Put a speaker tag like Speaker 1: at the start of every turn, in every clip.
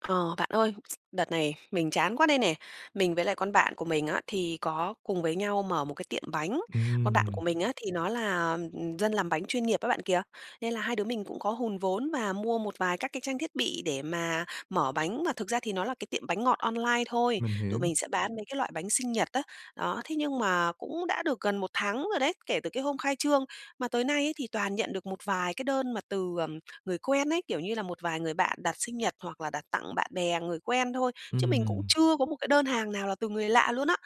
Speaker 1: Ờ, bạn ơi, đợt này mình chán quá đây nè. Mình với lại con bạn của mình á, thì có cùng với nhau mở một cái tiệm bánh, con bạn của
Speaker 2: Ừm.
Speaker 1: mình á thì nó là dân làm bánh chuyên nghiệp á, bạn kìa. Nên là hai đứa mình cũng có hùn vốn và mua một vài các cái trang thiết bị để mà mở bánh, mà thực ra thì nó là cái tiệm bánh ngọt online thôi.
Speaker 2: Mình
Speaker 1: Tụi
Speaker 2: hiểu.
Speaker 1: mình sẽ bán mấy cái loại bánh sinh nhật á. Đó, thế nhưng mà cũng đã được gần một tháng rồi đấy, kể từ cái hôm khai trương mà tới nay ấy, thì toàn nhận được một vài cái đơn mà từ, à, người quen ấy, kiểu như là một vài người bạn đặt sinh nhật hoặc là đặt tặng bạn bè, người quen thôi, chứ mình cũng
Speaker 2: Ừm.
Speaker 1: chưa có một cái đơn hàng nào là từ người lạ luôn á.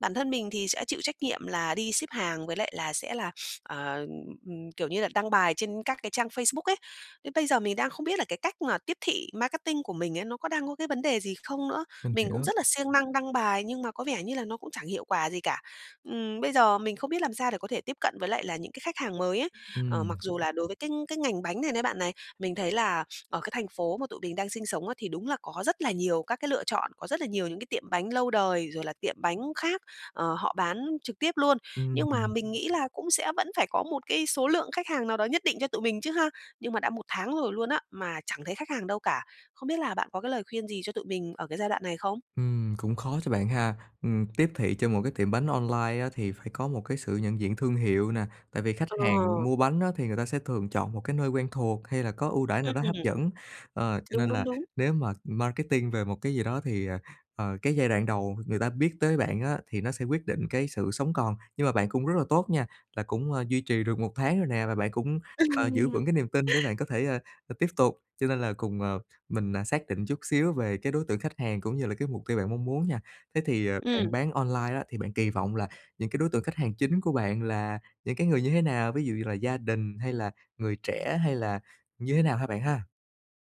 Speaker 1: Bản thân mình thì sẽ chịu trách nhiệm là đi ship hàng với lại là sẽ là, ờ, ừ, kiểu như là đăng bài trên các cái trang Facebook ấy. Đến bây giờ mình đang không biết là cái cách mà tiếp thị marketing của mình ấy, nó có đang có cái vấn đề gì không nữa.
Speaker 2: Mình
Speaker 1: Mình cũng
Speaker 2: hiểu.
Speaker 1: rất là siêng năng đăng bài nhưng mà có vẻ như là nó cũng chẳng hiệu quả gì cả. Ừm, bây giờ mình không biết làm sao để có thể tiếp cận với lại là những cái khách hàng mới ấy, ờ,
Speaker 2: Ừm.
Speaker 1: mặc dù là đối với cái cái ngành bánh này đấy bạn này, mình thấy là ở cái thành phố mà tụi mình đang sinh sống á, thì đúng là có rất là nhiều các cái lựa chọn, có rất là nhiều những cái tiệm bánh lâu đời rồi là tiệm bánh khác, ờ, họ bán trực tiếp luôn.
Speaker 2: Ưm,
Speaker 1: Nhưng mà
Speaker 2: ừm.
Speaker 1: mình nghĩ là cũng sẽ vẫn phải có một cái số lượng khách hàng nào đó nhất định cho tụi mình chứ ha. Nhưng mà đã 1 tháng rồi luôn á, mà chẳng thấy khách hàng đâu cả. Không biết là bạn có cái lời khuyên gì cho tụi mình ở cái giai đoạn này không?
Speaker 2: Ừm, cũng khó cho bạn ha, ừm, tiếp thị cho một cái tiệm bánh online á, thì phải có một cái sự nhận diện thương hiệu nè. Tại vì khách hàng
Speaker 1: Ờ.
Speaker 2: mua bánh á, thì người ta sẽ thường chọn một cái nơi quen thuộc hay là có ưu đãi nào
Speaker 1: Ừm.
Speaker 2: đó hấp dẫn. Ờ, cho
Speaker 1: Đúng,
Speaker 2: nên
Speaker 1: đúng,
Speaker 2: là
Speaker 1: đúng.
Speaker 2: nếu mà marketing về một cái gì đó thì, ờ, ờ, cái giai đoạn đầu người ta biết tới bạn á, thì nó sẽ quyết định cái sự sống còn. Nhưng mà bạn cũng rất là tốt nha, là cũng, à, duy trì được 1 tháng rồi nè và bạn cũng, ờ, giữ
Speaker 1: Ừm.
Speaker 2: vững cái niềm tin để bạn có thể, ơ, ờ, tiếp tục, cho nên là cùng, ờ, mình, à, xác định chút xíu về cái đối tượng khách hàng cũng như là cái mục tiêu bạn mong muốn nha. Thế thì, ờ, bạn
Speaker 1: Ừm.
Speaker 2: bán online á thì bạn kỳ vọng là những cái đối tượng khách hàng chính của bạn là những cái người như thế nào? Ví dụ như là gia đình hay là người trẻ hay là như thế nào hả bạn ha?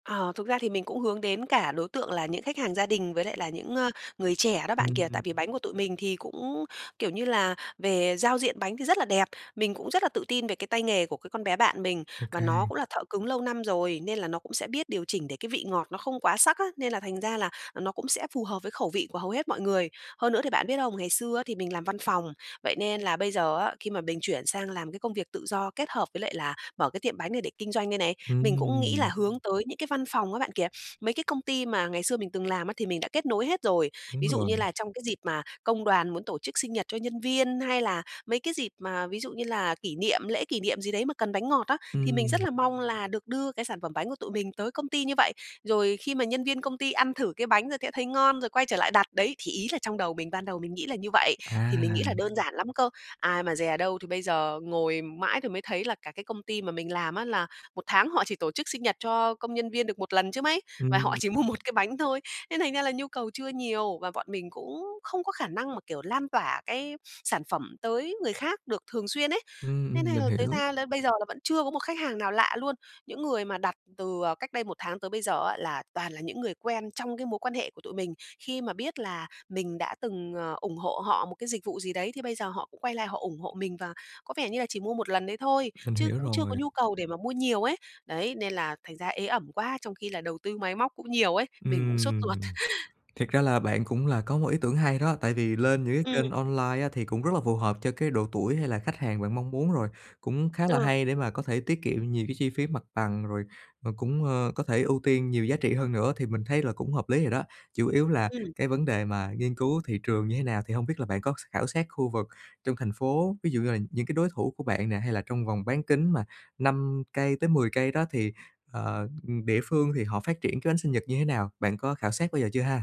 Speaker 1: Ờ, thực ra thì mình cũng hướng đến cả đối tượng là những khách hàng gia đình với lại là những, ơ, người trẻ đó bạn kìa.
Speaker 2: Ừm.
Speaker 1: Tại vì bánh của tụi mình thì cũng, kiểu như là, về giao diện bánh thì rất là đẹp, mình cũng rất là tự tin về cái tay nghề của cái con bé bạn mình,
Speaker 2: Ô
Speaker 1: và nó
Speaker 2: kê.
Speaker 1: cũng là thợ cứng lâu năm rồi, nên là nó cũng sẽ biết điều chỉnh để cái vị ngọt nó không quá sắc á, nên là thành ra là nó cũng sẽ phù hợp với khẩu vị của hầu hết mọi người. Hơn nữa thì bạn biết không? Ngày xưa á thì mình làm văn phòng, vậy nên là bây giờ á, khi mà mình chuyển sang làm cái công việc tự do kết hợp với lại là mở cái tiệm bánh này để kinh doanh đây này, mình cũng nghĩ là
Speaker 2: Ừm!
Speaker 1: hướng tới những cái văn phòng á bạn kìa, mấy cái công ty mà ngày xưa mình từng làm á thì mình đã kết nối hết rồi.
Speaker 2: Đúng
Speaker 1: Ví dụ
Speaker 2: rồi.
Speaker 1: như là trong cái dịp mà công đoàn muốn tổ chức sinh nhật cho nhân viên, hay là mấy cái dịp mà ví dụ như là kỷ niệm lễ kỷ niệm gì đấy mà cần bánh ngọt á, thì mình rất
Speaker 2: Ừm.
Speaker 1: là mong là được đưa cái sản phẩm bánh của tụi mình tới công ty như vậy. Rồi khi mà nhân viên công ty ăn thử cái bánh rồi sẽ thấy ngon rồi quay trở lại đặt, đấy. Thì ý là trong đầu mình, ban đầu mình nghĩ là như vậy, thì mình nghĩ là
Speaker 2: À!
Speaker 1: đơn giản lắm cơ, ai mà dè đâu thì bây giờ ngồi mãi thì mới thấy là cả cái công ty mà mình làm á là một tháng họ chỉ tổ chức sinh nhật cho công nhân viên được 1 lần chứ mấy, và họ
Speaker 2: Ừm.
Speaker 1: chỉ mua 1 cái bánh thôi. Nên thành ra là nhu cầu chưa nhiều và bọn mình cũng không có khả năng mà, kiểu, lan tỏa cái sản phẩm tới người khác được thường xuyên ấy,
Speaker 2: Ừm,
Speaker 1: nên
Speaker 2: ừm,
Speaker 1: thành
Speaker 2: mình
Speaker 1: là thế
Speaker 2: hiểu.
Speaker 1: ra là bây giờ là vẫn chưa có một khách hàng nào lạ luôn. Những người mà đặt từ, à, cách đây 1 tháng tới bây giờ á là toàn là những người quen trong cái mối quan hệ của tụi mình, khi mà biết là mình đã từng, ờ, ủng hộ họ một cái dịch vụ gì đấy thì bây giờ họ cũng quay lại họ ủng hộ mình, và có vẻ như là chỉ mua 1 lần đấy thôi,
Speaker 2: Mình
Speaker 1: chứ
Speaker 2: hiểu
Speaker 1: cũng chưa có
Speaker 2: rồi.
Speaker 1: nhu cầu để mà mua nhiều ấy, đấy. Nên là thành ra ế ẩm quá, trong khi là đầu tư máy móc cũng nhiều ấy, mình cũng sốt ruột.
Speaker 2: Ừm, thiệt ra là bạn cũng là có một ý tưởng hay đó, tại vì lên những cái
Speaker 1: Ừm.
Speaker 2: kênh online á, thì cũng rất là phù hợp cho cái độ tuổi hay là khách hàng bạn mong muốn rồi, cũng khá là
Speaker 1: Ờ.
Speaker 2: hay để mà có thể tiết kiệm nhiều cái chi phí mặt bằng rồi rồi cũng, ơ, có thể ưu tiên nhiều giá trị hơn nữa, thì mình thấy là cũng hợp lý rồi đó. Chủ yếu là
Speaker 1: Ừm.
Speaker 2: cái vấn đề mà nghiên cứu thị trường như thế nào thì hông biết là bạn có s khảo sát khu vực trong thành phố, ví dụ như là những cái đối thủ của bạn nè hay là trong vòng bán kính mà 5 cây tới 10 cây đó thì, ờ, địa phương thì họ phát triển cái bánh sinh nhật như thế nào? Bạn có khảo sát bao giờ chưa ha?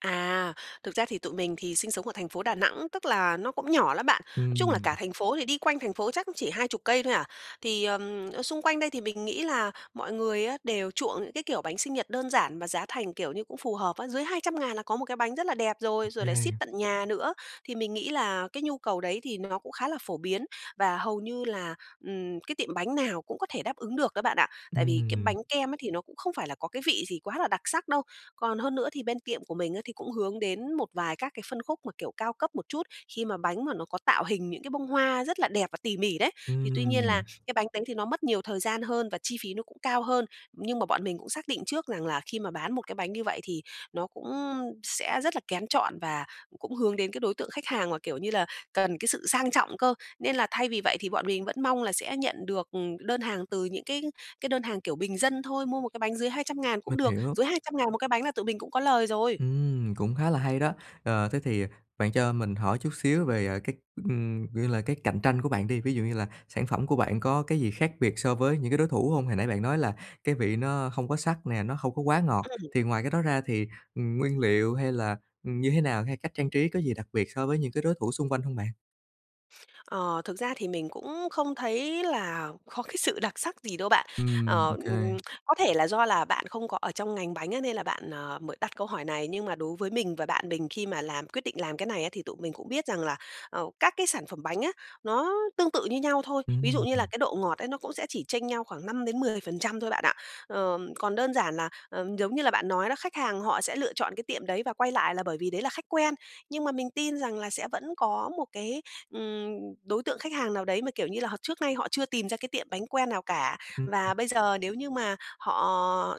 Speaker 1: À, thực ra thì tụi mình thì sinh sống ở thành phố Đà Nẵng, tức là nó cũng nhỏ lắm bạn. Nói chung là
Speaker 2: Ừm.
Speaker 1: cả thành phố thì đi quanh thành phố chắc cũng chỉ 20 cây thôi à. Thì, ờm, ở xung quanh đây thì mình nghĩ là mọi người á, đều chuộng những cái kiểu bánh sinh nhật đơn giản và giá thành kiểu như cũng phù hợp á. Dưới 200.000 là có một cái bánh rất là đẹp rồi, rồi lại ship
Speaker 2: Ok.
Speaker 1: tận nhà nữa. Thì mình nghĩ là cái nhu cầu đấy thì nó cũng khá là phổ biến và hầu như là, ừm, cái tiệm bánh nào cũng có thể đáp ứng được á, bạn ạ. Tại vì cái
Speaker 2: Ừm.
Speaker 1: bánh kem ấy thì nó cũng không phải là có cái vị gì quá là đặc sắc đâu. Còn hơn nữa thì bên tiệm của mình á thì cũng hướng đến một vài các cái phân khúc mà, kiểu, cao cấp một chút khi mà bánh mà nó có tạo hình những cái bông hoa rất là đẹp và tỉ mỉ đấy. Thì tuy nhiên là
Speaker 2: Ừm.
Speaker 1: cái bánh đấy thì nó mất nhiều thời gian hơn và chi phí nó cũng cao hơn. Nhưng mà bọn mình cũng xác định trước rằng là khi mà bán một cái bánh như vậy thì nó cũng sẽ rất là kén chọn và cũng hướng đến cái đối tượng khách hàng mà, kiểu như là, cần cái sự sang trọng cơ. Nên là thay vì vậy thì bọn mình vẫn mong là sẽ nhận được, ừm, đơn hàng từ những cái cái đơn hàng kiểu bình dân thôi. Mua một cái bánh dưới 200.000 cũng
Speaker 2: Mình
Speaker 1: được,
Speaker 2: hiểu.
Speaker 1: dưới 200.000 một cái bánh là tụi mình cũng có lời rồi.
Speaker 2: Ừm, cũng khá là hay đó. Ờ, thế thì, à, bạn cho mình hỏi chút xíu về, à, cái, ừm, kiểu như là, cái cạnh tranh của bạn đi, ví dụ như là sản phẩm của bạn có cái gì khác biệt so với những cái đối thủ hông? Hồi nãy bạn nói là cái vị nó hông có sắc nè, nó hông có quá ngọt,
Speaker 1: Ừm.
Speaker 2: thì ngoài cái đó ra thì, ừm, nguyên liệu hay là, ừm, như thế nào, hay cách trang trí có gì đặc biệt so với những cái đối thủ xung quanh hông bạn?
Speaker 1: Ờ, thực ra thì mình cũng không thấy là khó cái sự đặc sắc gì đâu bạn.
Speaker 2: Ừm,
Speaker 1: Ờ,
Speaker 2: OK.
Speaker 1: có thể là do là bạn không có ở trong ngành bánh á nên là bạn, ờ, mới đặt câu hỏi này nhưng mà đối với mình và bạn mình khi mà làm quyết định làm cái này á thì tụi mình cũng biết rằng là, ờ, các cái sản phẩm bánh á, nó tương tự như nhau thôi. Ví dụ như là
Speaker 2: Ừm.
Speaker 1: cái độ ngọt ấy nó cũng sẽ chỉ chênh nhau khoảng 5%-10% thôi bạn ạ. Ờ, còn đơn giản là, ờ, giống như là bạn nói đó, khách hàng họ sẽ lựa chọn cái tiệm đấy và quay lại là bởi vì đấy là khách quen. Nhưng mà mình tin rằng là sẽ vẫn có một cái, ừm, đối tượng khách hàng nào đấy mà, kiểu như là, họ trước nay họ chưa tìm ra cái tiệm bánh quen nào cả.
Speaker 2: Ừm,
Speaker 1: Và
Speaker 2: ừm.
Speaker 1: bây giờ nếu như mà họ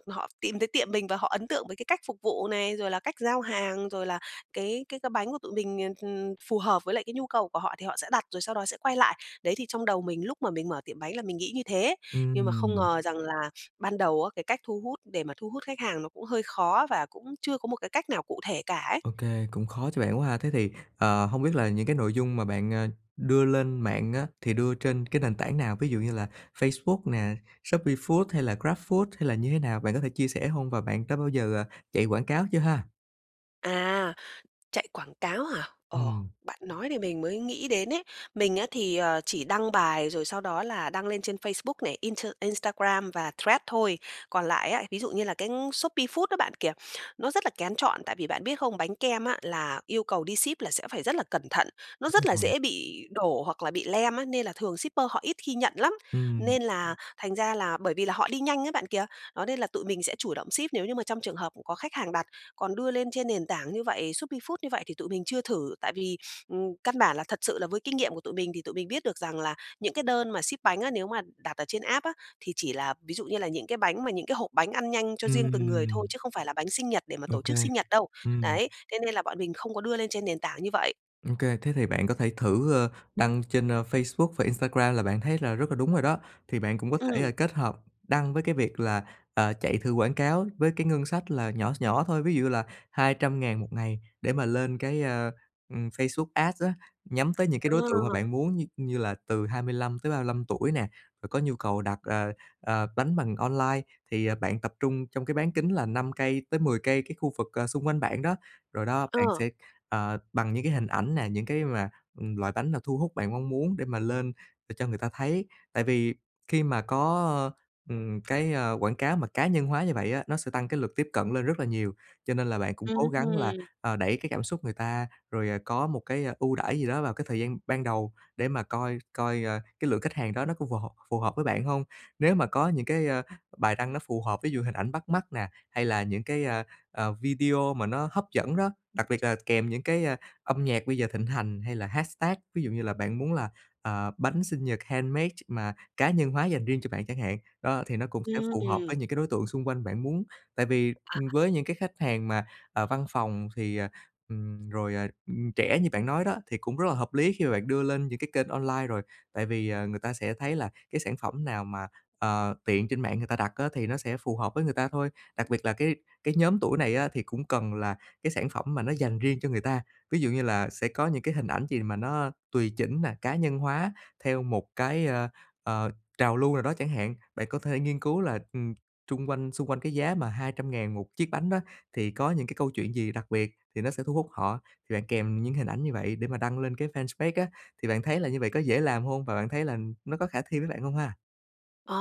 Speaker 1: họ tìm thấy tiệm mình và họ ấn tượng với cái cách phục vụ này, rồi là cách giao hàng, rồi là cái cái cái bánh của tụi mình, ừm, ừm, phù hợp với lại cái nhu cầu của họ, thì họ sẽ đặt rồi sau đó sẽ quay lại. Đấy thì trong đầu mình lúc mà mình mở tiệm bánh là mình nghĩ như thế, nhưng mà không
Speaker 2: Ừm.
Speaker 1: ngờ rằng là ban đầu á, cái cách thu hút để mà thu hút khách hàng nó cũng hơi khó và cũng chưa có một cái cách nào cụ thể cả ấy.
Speaker 2: OK, cũng khó cho bạn quá ha. Thế thì, ờ, hông biết là những cái nội dung mà bạn, ờ, đưa lên mạng á thì đưa trên cái nền tảng nào? Ví dụ như là Facebook nè, ShopeeFood hay là Grabfood hay là như thế nào? Bạn có thể chia sẻ hông và bạn đã bao giờ, à, chạy quảng cáo chưa ha?
Speaker 1: À, chạy quảng cáo hả? Ờ,
Speaker 2: Ừm.
Speaker 1: bạn nói thì mình mới nghĩ đến ấy. Mình á thì, ờ, chỉ đăng bài rồi sau đó là đăng lên trên Facebook này, inter Instagram và Threads thôi. Còn lại á, ví dụ như là cái Shopee Food đó bạn kìa, nó rất là kén chọn, tại vì bạn biết không? Bánh kem á là yêu cầu đi ship là sẽ phải rất là cẩn thận, nó
Speaker 2: Đúng
Speaker 1: rất là
Speaker 2: rồi.
Speaker 1: dễ bị đổ hoặc là bị lem á, nên là thường shipper họ ít khi nhận lắm,
Speaker 2: Ừm.
Speaker 1: nên là thành ra là bởi vì là họ đi nhanh ấy bạn kìa. Đó, nên là tụi mình sẽ chủ động ship nếu như mà trong trường hợp cũng có khách hàng đặt. Còn đưa lên trên nền tảng như vậy Shopee Food như vậy thì tụi mình chưa thử, tại vì, ừm, căn bản là thật sự là với kinh nghiệm của tụi mình thì tụi mình biết được rằng là những cái đơn mà ship bánh á, nếu mà đặt ở trên app á thì chỉ là ví dụ như là những cái bánh mà những cái hộp bánh ăn nhanh cho riêng từng người thôi,
Speaker 2: Ừm.
Speaker 1: chứ không phải là bánh sinh nhật để mà
Speaker 2: Ô
Speaker 1: tổ
Speaker 2: kê.
Speaker 1: chức sinh nhật đâu.
Speaker 2: Ừm.
Speaker 1: Đấy, thế nên là bọn mình không có đưa lên trên nền tảng như vậy.
Speaker 2: Ô kê, thế thì bạn có thể thử, ơ, đăng trên, ơ, Facebook và Instagram, là bạn thấy là rất là đúng rồi đó. Thì bạn cũng có thể
Speaker 1: Ừm.
Speaker 2: kết hợp đăng với cái việc là, ờ, chạy thử quảng cáo với cái ngân sách là nhỏ s nhỏ thôi, ví dụ như là 200.000 một ngày để mà lên cái, ơ, ừm, Facebook Ads á, nhắm tới những cái đối tượng mà
Speaker 1: Ờ.
Speaker 2: bạn muốn, như như là từ 25 tới 35 tuổi nè, rồi có nhu cầu đặt, ờ, ờ, bánh bằng online thì bạn tập trung trong cái bán kính là 5 cây tới 10 cây, cái khu vực, ờ, xung quanh bạn đó. Rồi đó, bạn
Speaker 1: Ờ.
Speaker 2: sẽ, ờ, bằng những cái hình ảnh nè, những cái mà ừm, loại bánh nào thu hút bạn mong muốn để mà lên, để cho người ta thấy. Tại vì khi mà có, ơ, ừm, cái, ờ, quảng cáo mà cá nhân hóa như vậy á, nó sẽ tăng cái lượt tiếp cận lên rất là nhiều. Cho nên là bạn cũng
Speaker 1: Ừm
Speaker 2: cố gắng là,
Speaker 1: hưm.
Speaker 2: ờ, đẩy cái cảm xúc người ta, rồi, ờ, có một cái ưu đãi gì đó vào cái thời gian ban đầu để mà coi coi, ờ, cái lượng khách hàng đó nó có phù hợp phù hợp với bạn hông. Nếu mà có những cái, ơ, bài đăng nó phù hợp, ví dụ hình ảnh bắt mắt nè, hay là những cái, ơ, ờ, video mà nó hấp dẫn đó, đặc biệt là kèm những cái, ơ, âm nhạc bây giờ thịnh hành, hay là hashtag, ví dụ như là bạn muốn là, ờ, bánh sinh nhật handmade mà cá nhân hóa dành riêng cho bạn chẳng hạn, đó, thì nó cũng sẽ phù hợp với
Speaker 1: Ừm.
Speaker 2: những cái đối tượng xung quanh bạn muốn. Tại vì,
Speaker 1: À.
Speaker 2: ừm, với những cái khách hàng mà, ờ, văn phòng thì ờ, ừm, rồi, ờ, ừm, trẻ như bạn nói đó thì cũng rất là hợp lý khi mà bạn đưa lên những cái kênh online rồi, tại vì, ờ, người ta sẽ thấy là cái sản phẩm nào mà, ờ, tiện trên mạng người ta đặt á thì nó sẽ phù hợp với người ta thôi. Đặc biệt là cái cái nhóm tuổi này á thì cũng cần là cái sản phẩm mà nó dành riêng cho người ta, ví dụ như là sẽ có những cái hình ảnh gì mà nó tùy chỉnh mà cá nhân hóa theo một cái, ơ, ờ, trào lưu nào đó chẳng hạn. Bạn có thể nghiên cứu là, ừm, chung quanh xung quanh cái giá mà 200.000 một chiếc bánh đó thì có những cái câu chuyện gì đặc biệt thì nó sẽ thu hút họ, thì bạn kèm những hình ảnh như vậy để mà đăng lên cái fanpage á. Thì bạn thấy là như vậy có dễ làm hông và bạn thấy là nó có khả thi với bạn hông ha?
Speaker 1: Ờ,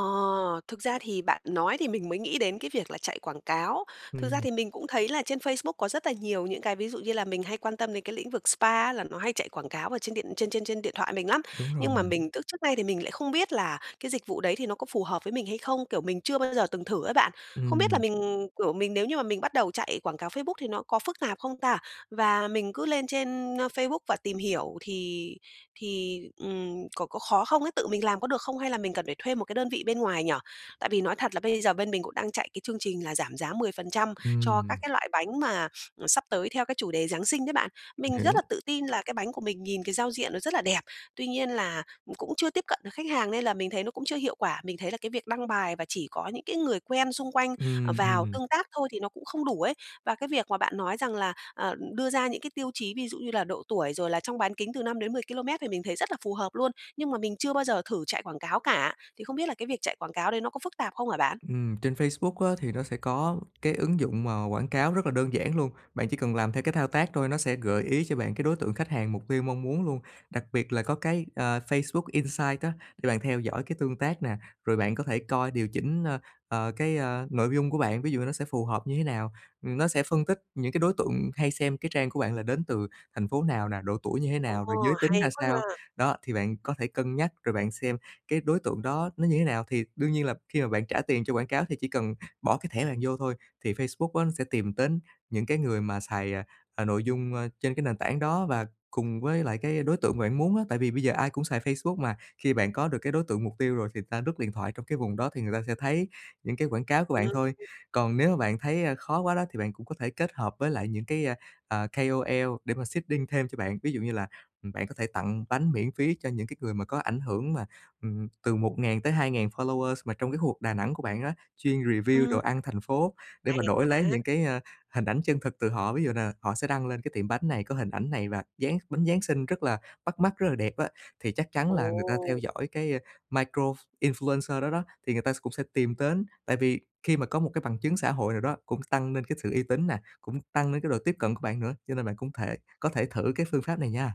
Speaker 1: thực ra thì bạn nói thì mình mới nghĩ đến cái việc là chạy quảng cáo. Thực ra
Speaker 2: Ừm.
Speaker 1: thì mình cũng thấy là trên Facebook có rất là nhiều những cái ví dụ như là mình hay quan tâm đến cái lĩnh vực spa á là nó hay chạy quảng cáo ở trên điện trên trên trên điện thoại mình lắm,
Speaker 2: Đúng rồi.
Speaker 1: nhưng mà mình tức trước nay thì mình lại không biết là cái dịch vụ đấy thì nó có phù hợp với mình hay không, kiểu, mình chưa bao giờ từng thử á bạn. Không biết là
Speaker 2: Ừm.
Speaker 1: mình, kiểu, mình nếu như mà mình bắt đầu chạy quảng cáo Facebook thì nó có phức tạp không ta, và mình cứ lên trên, ơ, Facebook và tìm hiểu thì thì, ừm, có có khó không ấy, tự mình làm có được không hay là mình cần phải thuê một cái đơn vị bên ngoài nhỉ? Tại vì nói thật là bây giờ bên mình cũng đang chạy cái chương trình là giảm giá 10% cho các
Speaker 2: Ừm.
Speaker 1: cái loại bánh mà, à, sắp tới theo cái chủ đề Giáng Sinh đấy bạn.
Speaker 2: Mình
Speaker 1: Mình rất
Speaker 2: hiểu.
Speaker 1: là tự tin là cái bánh của mình nhìn cái giao diện nó rất là đẹp, tuy nhiên là c cũng chưa tiếp cận khách hàng nên là mình thấy nó cũng chưa hiệu quả. Mình thấy là cái việc đăng bài và chỉ có những cái người quen xung quanh
Speaker 2: Ừm,
Speaker 1: vào
Speaker 2: ừm.
Speaker 1: tương tác thôi thì nó cũng không đủ ấy. Và cái việc mà bạn nói rằng là, ờ, đưa ra những cái tiêu chí, ví dụ như là độ tuổi, rồi là trong bán kính từ 5-10km thì mình thấy rất là phù hợp luôn. Nhưng mà mình chưa bao giờ thử chạy quảng cáo cả, thì không biết là cái việc chạy quảng cáo đấy nó có phức tạp không hả bạn?
Speaker 2: Ừm, trên Facebook á thì nó sẽ có cái ứng dụng mà quảng cáo rất là đơn giản luôn, bạn chỉ cần làm theo cái thao tác thôi, nó sẽ gợi ý cho bạn cái đối tượng khách hàng mục tiêu mong muốn luôn. Đặc biệt là có cái, ờ, Facebook Insight á để bạn theo dõi cái tương tác nè, rồi bạn có thể coi điều chỉnh, ơ, ờ, cái nội dung của bạn. Ví dụ như nó sẽ phù hợp như thế nào, ừm, nó sẽ phân tích những cái đối tượng hay xem cái trang của bạn là đến từ thành phố nào nè, độ tuổi như thế
Speaker 1: Ồ!
Speaker 2: nào, rồi giới tính ra
Speaker 1: Hay quá
Speaker 2: sao,
Speaker 1: ha!
Speaker 2: đó, thì bạn có thể cân nhắc rồi bạn xem cái đối tượng đó nó như thế nào. Thì đương nhiên là khi mà bạn trả tiền cho quảng cáo thì chỉ cần bỏ cái thẻ bạn vô thôi thì Facebook á nó sẽ tìm đến những cái người mà xài, ờ, nội dung, ơ, trên cái nền tảng đó và cùng với lại cái đối tượng mà bạn muốn á, tại vì bây giờ ai cũng xài Facebook mà, khi bạn có được cái đối tượng mục tiêu rồi, thì ng ta lướt điện thoại trong cái vùng đó, thì người ta sẽ thấy những cái quảng cáo của
Speaker 1: Ừm.
Speaker 2: bạn thôi. Còn nếu mà bạn thấy, ơ, khó quá đó, thì bạn cũng có thể kết hợp với lại những cái, ờ, KOL để mà seeding thêm cho bạn. Ví dụ như là, ừm, bạn có thể tặng bánh miễn phí cho những cái người mà có ảnh hưởng mà, ừ, từ 1000-2000 followers mà trong cái khu vực Đà Nẵng của bạn á, chuyên review
Speaker 1: Ừm.
Speaker 2: đồ ăn thành phố để mà
Speaker 1: Hay
Speaker 2: đổi lấy
Speaker 1: quá!
Speaker 2: những cái, ơ, hình ảnh chân thực từ họ. Ví dụ là họ sẽ đăng lên cái tiệm bánh này, có hình ảnh này và Giáng bánh Giáng Sinh rất là bắt mắt, rất là đẹp á, thì chắc chắn là người ta theo
Speaker 1: Ồ!
Speaker 2: dõi cái micro influencer đó đó, thì người ta s cũng sẽ tìm đến. Tại vì khi mà có một cái bằng chứng xã hội nào đó cũng s tăng lên cái sự uy tín nè, cũng tăng lên cái độ tiếp cận của bạn nữa, cho nên bạn cũng thể có thể thử cái phương pháp này nha.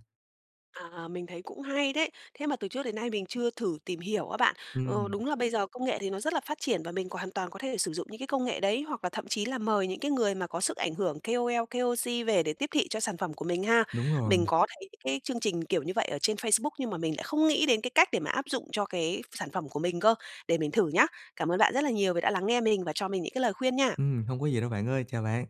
Speaker 1: À, mình thấy cũng hay đấy, thế mà từ trước đến nay mình chưa thử tìm hiểu á bạn. Ờ,
Speaker 2: Ừm.
Speaker 1: đúng là bây giờ công nghệ thì nó rất là phát triển và mình còn hoàn toàn có thể sử dụng những cái công nghệ đấy, hoặc là thậm chí là mời những cái người mà có sức ảnh hưởng KOL, KOC về để tiếp thị cho sản phẩm của mình ha.
Speaker 2: Đúng rồi.
Speaker 1: Mình có thấy cái chương trình kiểu như vậy ở trên Facebook nhưng mà mình lại không nghĩ đến cái cách để mà áp dụng cho cái sản phẩm của mình cơ, để mình thử nhá. Cảm ơn bạn rất là nhiều vì đã lắng nghe mình và cho mình những cái lời khuyên nha!
Speaker 2: Ừm, hông có gì đâu bạn ơi, chào bạn!